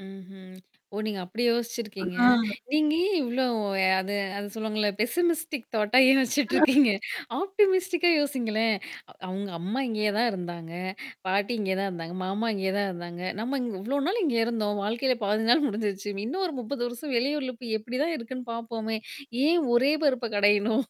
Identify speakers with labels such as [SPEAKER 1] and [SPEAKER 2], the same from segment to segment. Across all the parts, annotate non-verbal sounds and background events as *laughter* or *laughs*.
[SPEAKER 1] ம்ஹ்ம். ஓ! நீங்க அப்படி
[SPEAKER 2] ஆ.
[SPEAKER 1] யோசிச்சிருக்கீங்க. நீங்க ஏன் இவ்ளோ? ய அது அது சொல்லுவாங்கள்ல, பெசிமிஸ்டிக் தாட்டா ஏன் யோசிச்சுட்டுருக்கீங்க? ஆப்டிமிஸ்டிக்கா யோசிங்களேன். அவுங்க அம்மா இங்கயே தான் இருந்தாங்க, பாட்டி இங்க தான் இருந்தாங்க, மாமா இங்கே தான் இருந்தாங்க, நம்ம இங் இவ்வளோ நாள் இங்கே இருந்தோம். வாழ்க்கையில பாதி நாள் முடிஞ்சிருச்சு இன்னும் ஒரு 30 வருஷம் வெளியூர்ல போய் எப்படிதான் இருக்குன்னு பாப்போமே! ஏன் ஒரே பருப்ப கடையணும்?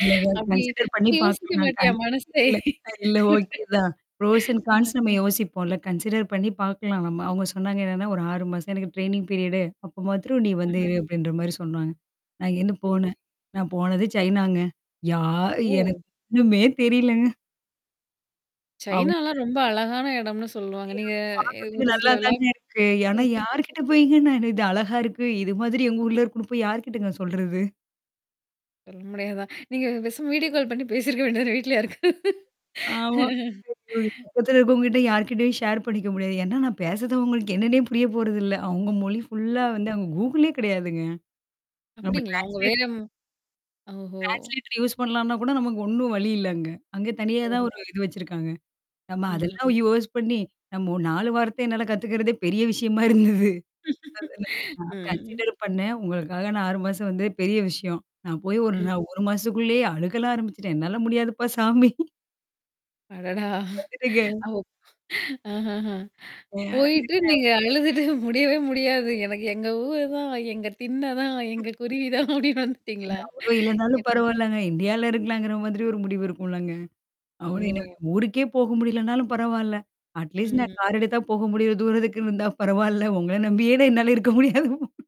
[SPEAKER 2] இல்லங்க
[SPEAKER 1] அப்டி
[SPEAKER 2] கன்சிடர் பண்ணீ
[SPEAKER 1] அப்ப யோசிக்க
[SPEAKER 2] பாக்கலாம் க
[SPEAKER 1] மாட்டியா? மனசே?
[SPEAKER 2] இல்லன்னா இல்ல, ஓகே தான். ப்ரோஷ் அன் கான்ஸ் நம்ம யோசிப்போம்ல்ல. கன்சிடர் பண்ணீ பார்க்கலாம், நம்ம. அவுங்க சொன்னாங்க, என்னன்னா, "ஒரு 6 மாசம் எனக்கு ட்ரெய்னிங் பீரியடு. அப்போ மாத்திரம் நீ வந்து
[SPEAKER 1] ம்ஹ்ம்.
[SPEAKER 2] இரு" அப்டின்ற மாரி சொன்னாங்க. நான் இங்கேருந்து
[SPEAKER 1] சரி.
[SPEAKER 2] போனன். நான் போனது சைனாங்க. யா
[SPEAKER 1] ஓ.
[SPEAKER 2] எனக்கு ஒண்ணுமே தெரிலங்க. அவுங்க
[SPEAKER 1] சைனாலாம் ரொம்ப அழகான எடம்னு சொல்லுவாங்க.
[SPEAKER 2] அய்யோ!
[SPEAKER 1] நீங்க
[SPEAKER 2] எனக்கு
[SPEAKER 1] ய
[SPEAKER 2] பாக்குறதுக்கு
[SPEAKER 1] ஒரு
[SPEAKER 2] நல்லா
[SPEAKER 1] சிலதுலா
[SPEAKER 2] தாங்க இருக்கு! ஆனா,
[SPEAKER 1] *unintelligible*
[SPEAKER 2] யார்கிட்ட போயீங்க நானு இது அழகா இருக்கு! இது மாதிரி எங்க ஊர்ல இருக்கும்ன்னு, போய் யார்கிட்டங்க சொல்றது?
[SPEAKER 1] *unintelligible* முடியாதான்! நீங்க பேசாம, வீடியோ கால் பண்ணீ பேசியிருக்க வேண்டியதுதான வீட்ல யாருக்கா
[SPEAKER 2] ஆமா. இத போயி பக்கத்துல இருக்கவங்ககிட்ட, யார்க்கிட்டயும் ஷேர் பண்ணிக்க முடியாது. ஏன்னா, நான் பேசுறதவங்களுக்கு என்னன்னே புரிய போறதில்ல! அவுங்க மொழி ஃபுல்லா வந்து அங்க கூகுளே கெடையாதுங்க. நம்ம
[SPEAKER 1] அப்டீங்களா? அவுங்க
[SPEAKER 2] ட்ரான்ஸ்லேட்
[SPEAKER 1] வேற ஓஹோ!
[SPEAKER 2] டிரான்சிலேட்டர் யூஸ் பண்ணலாம்ன்னா கூட, நமக்கு ஒண்ணும் வழி இல்ல அங்க. அங்க தனியா தான் ஒரு
[SPEAKER 1] ஓஹோ.
[SPEAKER 2] இது வச்சிருக்காங்க. நம்ம
[SPEAKER 1] ம்ஹ்ம்.
[SPEAKER 2] அதெல்லாம் யூஸ் பண்ணீ, நம்ப ஒரு 4 வாரத்த என்னால கத்துக்கிறதே பெரிய விஷயமா இருந்தது. அதனா
[SPEAKER 1] *laughs*
[SPEAKER 2] நான்
[SPEAKER 1] ம்.
[SPEAKER 2] கன்சிடர் பண்ணேன். உங்களுக்காக நான் 6 மாசம் வந்ததே பெரிய விஷயம். நான் போய் 1
[SPEAKER 1] ம்.
[SPEAKER 2] நா 1 மாசத்துக்குள்ளயே அழுகலாம் ஆரம்பிச்சுட்டேன். "என்னால முடியாதுப்பா சாமி."
[SPEAKER 1] அடடா!
[SPEAKER 2] வந்துட்டேங்க.
[SPEAKER 1] அவ ஆஹஹ. போயிட்டு,
[SPEAKER 2] *unintelligible*
[SPEAKER 1] நீங்க அழுதுட்டு முடியவே முடியாது. எனக்கு எங்க ஊரு தான், எங்க திண்ண தான், எங்க குருவி தான் அப்டின்னு
[SPEAKER 2] இல்ல
[SPEAKER 1] வந்துட்டீங்களா?
[SPEAKER 2] அவரும் இல்லைன்னாலும்,
[SPEAKER 1] என்ன?
[SPEAKER 2] பரவால்லங்க. இண்டியால இருக்கலாங்கிற மாதிரி ஒரு முடிவு இருக்கும்லங்க! அப்பறம் என்னாங்க?
[SPEAKER 1] ஓ!
[SPEAKER 2] ஊருக்கே போக முடியலனாலும் பரவால்ல. அட்லீஸ்ட் நான்
[SPEAKER 1] ம்ஹ்ம்.
[SPEAKER 2] கார் எடுத்தா போக முடியுற தூரத்துக்கு இருந்தா பரவால்ல! உங்கள நம்பியே நான் என்னால இருக்க முடியாதுப்